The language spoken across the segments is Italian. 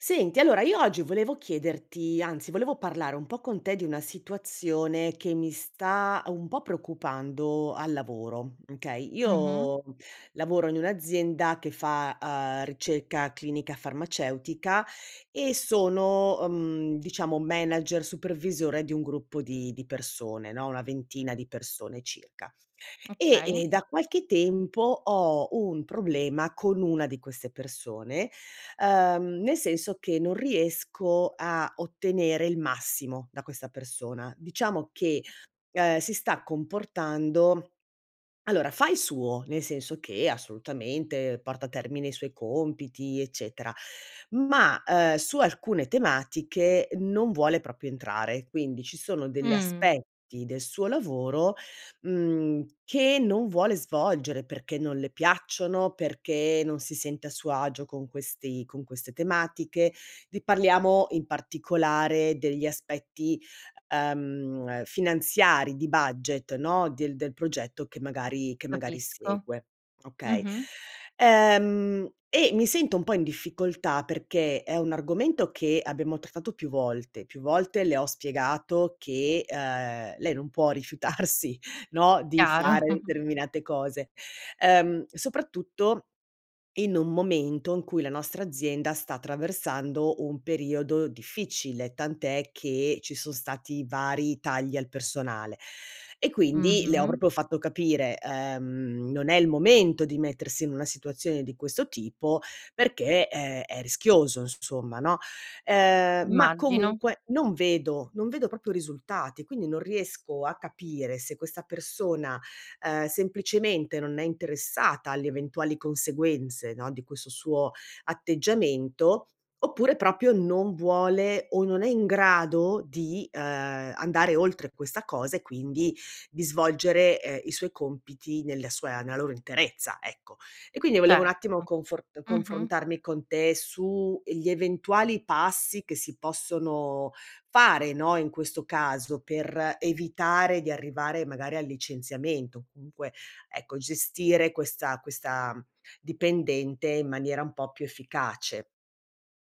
Senti, allora io oggi volevo chiederti anzi volevo parlare un po' con te di una situazione, che mi sta un po' preoccupando al lavoro, okay. Mh-mh. Io lavoro in un'azienda che fa, uhm, ricerca clinica farmaceutica e sono, ehm, diciamo manager supervisore di un gruppo di di persone no, 1 ventina di persone circa. E Okay. e da qualche tempo, ho un problema con 1 di queste persone, ehm, nel senso che non riesco a ottenere il massimo, da questa persona. Diciamo che, ehm, si sta comportando allora fa il suo, nel senso che assolutamente porta a termine i suoi compiti eccetera; ma, ehm, su alcune tematiche non vuole proprio entrare. Quindi, ci sono degli Mh. aspetti del suo lavoro, mhmm, che non vuole svolgere, perché non le piacciono, perché non si sente a suo agio con questi con queste tematiche di parliamo in particolare degli aspetti, ehm, finanziari di budget no, del del progetto che magari che magari Capisco. segue, okay. Mh-mh. Ehm, e mi sento un po' in difficoltà perché è un argomento che abbiamo trattato più volte, più volte le ho spiegato che, ehm, lei non può rifiutarsi no, di Chiaro. fare determinate cose, ehm, soprattutto, in un momento in cui la nostra azienda sta attraversando un periodo difficile, tant'è che ci son stati vari tagli al personale. E quindi, le ho Mh-mh. proprio fatto capire, ehm, non è il momento di mettersi in una situazione di questo tipo, perché è è rischioso inso somma no. Ehm, ma Immagino. comunque, non vedo non vedo proprio risultati, quindi non riesco a capire se questa persona, ehm, semplicemente non è interessata alle eventuali conseguenze no, di questo suo atteggiamento, oppure proprio non vuole ,o non è in grado di, ehm, andare oltre questa cosa e quindi di svolgere, ehm, i suoi compiti, nella sua nella loro interezza, ecco. E quindi volevo un Certo, attimo confor mh-mh. confrontarmi con te su, ehm, gli eventuali passi che si possono fare no, in questo caso, per evitare di arrivare magari al licenziamento, o comunque, ecco, gestire questa questa dipendente in maniera un po' più efficace.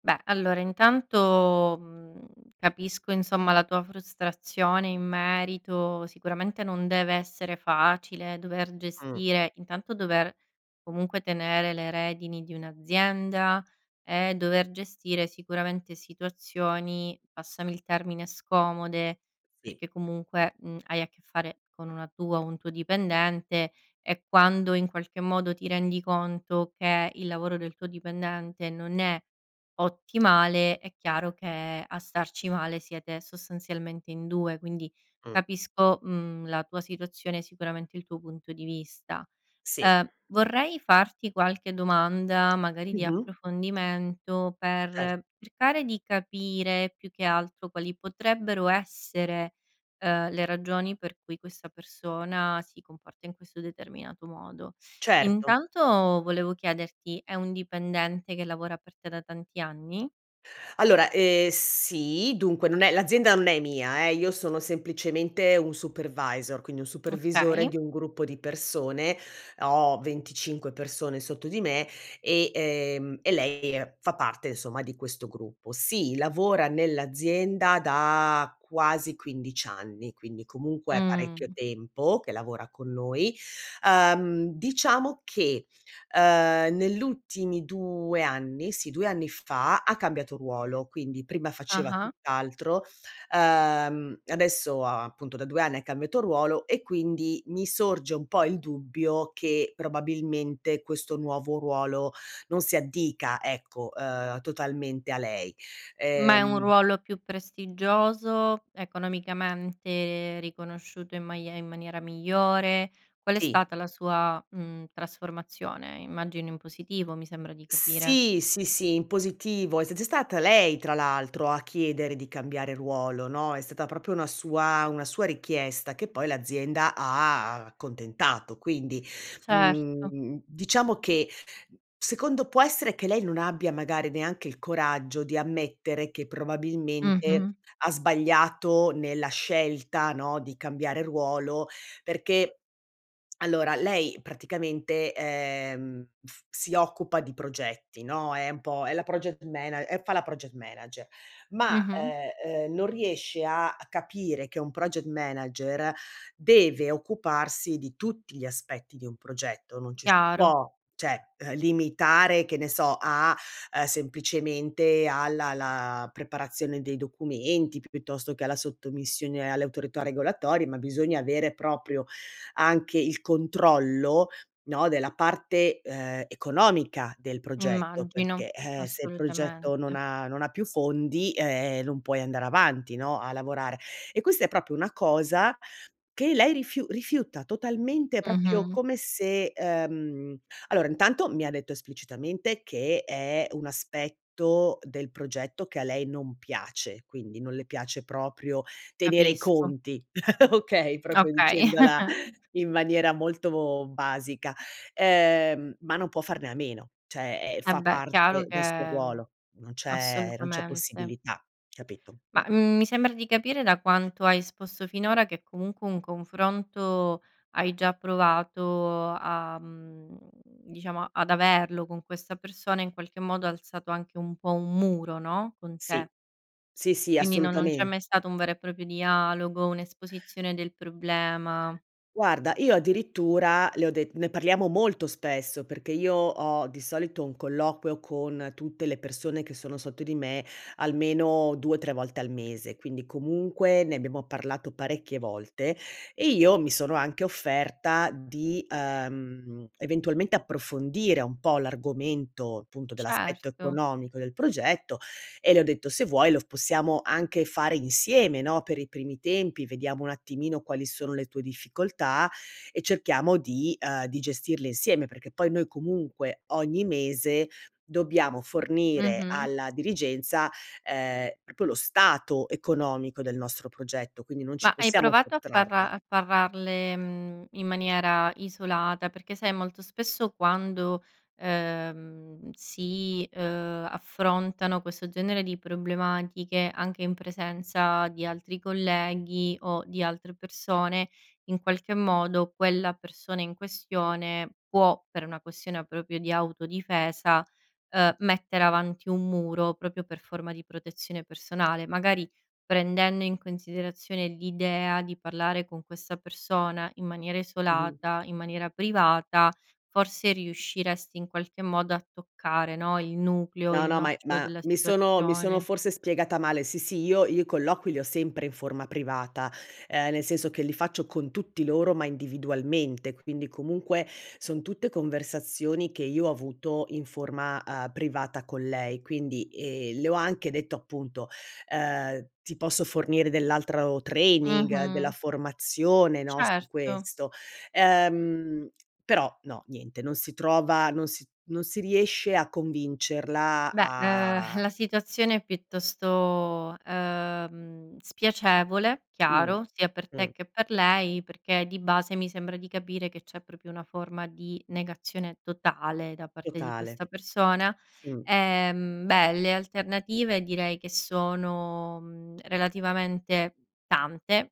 Beh, allora intanto, mhmm, capisco insomma la tua frustrazione in merito. Sicuramente non deve essere facile dover Mh. gestire intanto dover comunque tenere le redini di un'azienda, e dover gestire sicuramente situazioni, passami il termine, scomode Sì. perché comunque, mhmm, hai a che fare con una tua o un tuo dipendente, e quando in qualche modo ti rendi conto che il lavoro del tuo dipendente non è ottimale, è chiaro che a starci male siete sostanzialmente in 2; quindi Mh. capisco, mhmm, la tua situazione, sicuramente il tuo punto di vista. Sì. Ehm, vorrei farti qualche domanda, magari Mh di mh. approfondimento, Cer per cercare di capire più che altro quali potrebbero essere, ehm, le ragioni per cui questa persona si comporta in questo determinato modo. Certo. Intanto volevo chiederti: è un dipendente che lavora per te da tanti anni? Allora, ehm, sì, dunque non è l'azienda non è mia, eh, io sono semplicemente un supervisor, quindi un supervisore Okay. di un gruppo di persone. Ho 25 persone sotto di me, e, ehm e lei, ehm, fa parte insomma di questo gruppo. Sì, lavora nell'azienda da quasi 15 anni, quindi comunque è parecchio Mh. tempo che lavora con noi. Ehm, diciamo che, ehm, nell'ultimi 2 anni sì, 2 anni fa ha cambiato ruolo, quindi prima faceva Ah-ah. tutt'altro, ehm, adesso appunto da 2 anni ha cambiato ruolo, e quindi mi sorge un po' il dubbio che, probabilmente, questo nuovo ruolo non si addica, ecco, ehm, totalmente a lei. Ma è un Ehm ruolo più prestigioso? Economicamente riconosciuto in maie in maniera migliore? Qual è Sì. stata la sua, mhmm, trasformazione? Immagino in positivo mi sembra di capire. Sì, sì sì in positivo, s s è stata lei, tra l'altro, a chiedere di cambiare ruolo no, è stata proprio una sua una sua richiesta che poi l'azienda ha accontentato; quindi, mhmm Certo. mhmm, diciamo che secondo può essere che lei non abbia magari neanche il coraggio di ammettere che probabilmente Mh-mh. ha sbagliato nella scelta, no, di cambiare ruolo, perché allora lei praticamente, ehm, si occupa di progetti, no, è un po' è la project mana e fa la project manager. Ma, Mh-mh. ehm ehm, non riesce a capire che un project manager deve occuparsi di tutti gli aspetti di un progetto, non ci si Chiaro. può cioè, eh, limitare, che ne so, a, ehm, semplicemente alla la preparazione dei documenti, piuttosto che alla sottomissione alle autorità regolatorie, ma bisogna avere proprio anche il controllo, no, della parte, ehm, economica del progetto; Immagino. perché se il progetto non Assolutamente. ha non ha più fondi, ehm, non puoi andare avanti no, a lavorare. E questa è proprio una cosa che lei rifiu rifiuta totalmente, proprio Mh-mh. come se, ehm allora intanto mi ha detto esplicitamente che è un aspetto del progetto che a lei non piace, quindi non le piace proprio tenere i Capisco. conti, okay, proprio Okay. dicendola in maniera molto basica; ehm, ma non può farne a meno, cioè, ehm, fa Vabbè, chiaro parte del suo che ruolo. Non c'è non c'è assolutamente. possibilità capito, mh. Ma, mhmm, mi sembra di capire, da quanto hai esposto finora, che comunque un confronto hai già provato a, mhmm, diciamo ad averlo con questa persona, in qualche modo ha alzato anche un po' un muro no, con te. Sì. Sì sì Quindi non non c'è assolutamen mai stato un vero e proprio dialogo, un'esposizione del problema. Guarda io addirittura le ho det ne parliamo molto spesso, perché io ho di solito un colloquio con tutte le persone che sono sotto di me, almeno 2-3 volte al mese; quindi comunque ne abbiamo parlato parecchie volte e io mi sono anche offerta di, ehm, eventualmente approfondire un po' l'argomento appunto dell'aspetto Certo. economico del progetto, e le ho detto: "Se vuoi lo possiamo anche fare insieme, no, per i primi tempi, vediamo un attimino quali sono le tue difficoltà e cerchiamo di, ehm di gestirle insieme", perché poi noi comunque ogni mese dobbiamo fornire Mh-mh. alla dirigenza, ehm, proprio lo stato economico del nostro progetto, quindi non Ma ci hai possiamo provato a parla sottrarre. a parlarle, mhmm, in maniera isolata, perché sai molto spesso quando, ehm, si, ehm, affrontano questo genere di problematiche, anche in presenza di altri colleghi o di altre persone, in qualche modo quella persona in questione può, per una questione proprio di autodifesa, ehm, mettere avanti un muro, proprio per forma di protezione personale. Magari prendendo in considerazione l'idea di parlare con questa persona, in maniera Mh-mh. isolata, in maniera privata, forse riusciresti in qualche modo a toccare, no, il nucleo, No il no, ma è nocciolo ma della mi sono mi sono situazione. forse spiegata male, sì sì, io io i colloqui li ho sempre in forma privata, ehm, nel senso che li faccio con tutti loro ma individualmente, quindi comunque son tutte conversazioni che io ho avuto in forma, ehm, privata con lei. Quindi, ehm, le ho anche detto appunto, ehm: "Ti posso fornire dell'altro training, della Mh-mh. formazione no, su Certo. questo." Ehm, però no, niente non si trova, non si non si riesce a convincerla Beh, ehm, a la situazione è piuttosto, ehm, spiacevole Mh, chiaro, sia per te mh. che per lei, perché di base mi sembra di capire, che c'è proprio una forma di negazione totale da parte di Totale. questa persona. Mh. Ehm, beh le alternative direi che sono, mhmm, relativamente tante.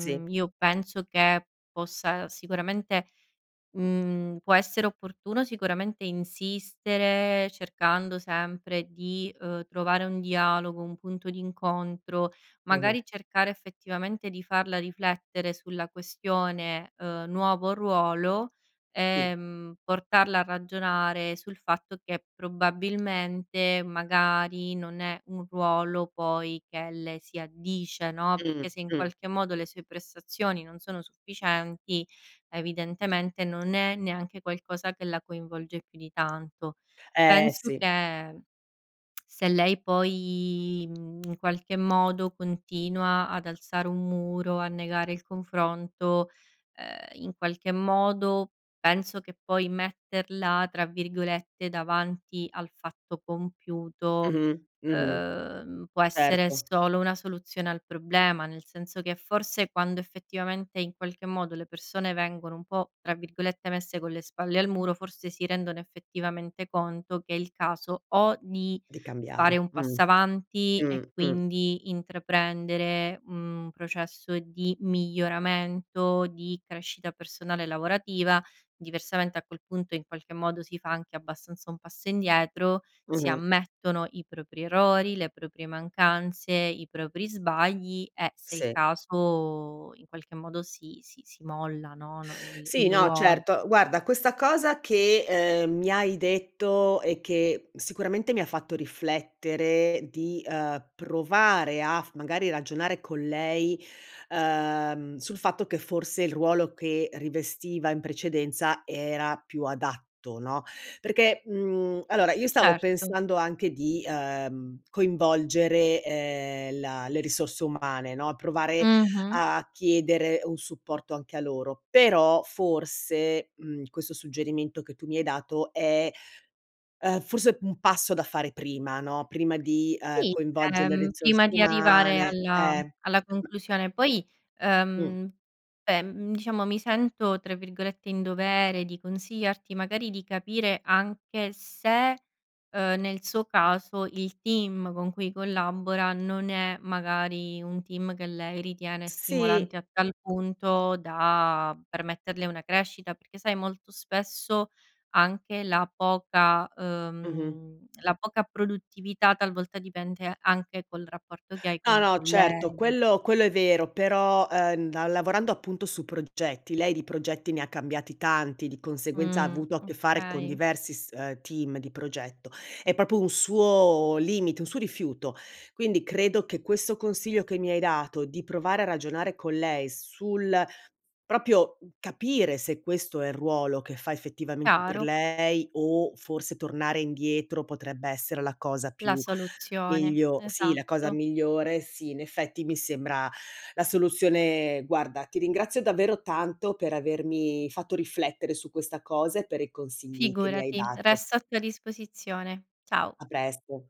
Sì. io penso che possa sicuramente, mhmm può essere opportuno sicuramente insistere, cercando sempre di, ehm, trovare un dialogo, un punto d'incontro, Mh-mh. magari cercare effettivamente di farla riflettere sulla questione, ehm, nuovo ruolo, Sì. ehm, portarla a ragionare sul fatto che probabilmente magari non è un ruolo poi che le si addice, no, Mh, perché se in mh qualche modo le sue prestazioni non sono sufficienti evidentemente non è neanche qualcosa che la coinvolge più di tanto. Eh Penso sì. che, se lei poi, mhmm, in qualche modo continua ad alzare un muro, a negare il confronto, ehm, in qualche modo penso che poi metterla tra virgolette "davanti al fatto compiuto", Mh-mh, mh-mh. ehm, può essere Certo. solo una soluzione al problema. Nel senso che forse quando effettivamente, in qualche modo, le persone vengono un po' tra virgolette "messe con le spalle al muro," forse si rendono effettivamente conto che è il caso o di Di fare cambiare. un Mh-mh, passo avanti e mh-mh, mh. quindi intraprendere, mhmm, un processo di miglioramento, di crescita personale lavorativa, diversamente a quel punto in qualche modo si fa anche abbastanza un passo indietro, si Mh-mh. ammettono i propri errori, le proprie mancanze, i propri sbagli e se è il Sì. caso in qualche modo si si si molla, no no, il Sì, il no, ruolo. certo; guarda questa cosa che, ehm, mi hai detto e che sicuramente mi ha fatto riflettere di, ehm, provare a f magari ragionare con lei, ehm, sul fatto che forse il ruolo che rivestiva in precedenza era più adatto, no, perché, mhmm allora io stavo Certo. pensando anche di, ehm, coinvolgere, ehm, la le risorse umane, no, provare Mh-mh. a chiedere un supporto anche a loro; però forse, mhmm, questo suggerimento che tu mi hai dato, è forse un passo da fare prima no, prima di, ehm, Sì, coinvolgere le ehm, risorse prima di arrivare umane alla eh. alla conclusione. Poi, Mh. ehm, beh, mhmm, diciamo mi sento tra virgolette "in dovere" di consigliarti magari di capire anche se, ehm, nel suo caso il team con cui collabora non è magari un team che lei ritiene Sì. stimolante a tal punto da permetterle una crescita. Perché sai molto spesso anche la poca, Mh-mh. ehm la poca produttività talvolta dipende anche col rapporto che hai con No i no certo, colleghi. quello quello è vero, però, ehm, lavorando appunto su progetti, lei di progetti ne ha cambiati tanti, di conseguenza ha Mh, avuto a che fare con okay. diversi s ehm, team di progetto; è proprio un suo limite, un suo rifiuto. Quindi credo che questo consiglio che mi hai dato di provare a ragionare con lei sul proprio, mhmm, capire se questo è il ruolo che fa effettivamente per Chiaro. lei, o forse tornare indietro potrebbe essere la cosa La più soluzione. miglio sì, la cosa Esatto. migliore sì, in effetti mi sembra la soluzione guarda ti ringrazio davvero tanto per avermi fatto riflettere su questa cosa e per i consigli che mi hai Figurati. dato. Resto a tua disposizione. Ciao. A presto.